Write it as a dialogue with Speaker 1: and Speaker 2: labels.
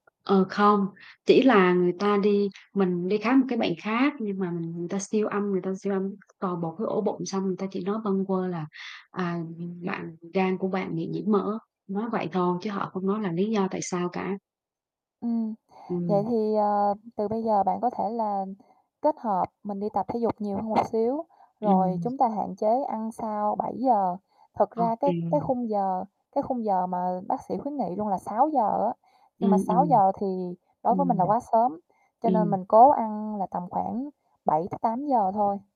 Speaker 1: Ờ, không. Chỉ là người ta đi mình đi khám một cái bệnh khác nhưng mà mình người ta siêu âm người ta siêu âm toàn bộ cái ổ bụng xong người ta chỉ nói bâng quơ là, à, ừm, bạn gan của bạn bị nhiễm mỡ, nói vậy thôi chứ họ không nói là lý do tại sao cả.
Speaker 2: Ừm, vậy
Speaker 1: Ừm.
Speaker 2: thì, ờ, từ bây giờ bạn có thể là kết hợp mình đi tập thể dục nhiều hơn một xíu, rồi
Speaker 1: Ừm.
Speaker 2: chúng ta hạn chế ăn sau 7:00, thực ra cái cái
Speaker 1: OK.
Speaker 2: khung giờ cái khung giờ mà bác sĩ khuyến nghị luôn là 6:00 á, nhưng mà
Speaker 1: Ừm,
Speaker 2: sáu
Speaker 1: ừm.
Speaker 2: giờ thì đối với mình là
Speaker 1: Ừm.
Speaker 2: quá sớm cho nên
Speaker 1: Ừm.
Speaker 2: mình cố ăn là tầm khoảng 7:00- 8:00 thôi.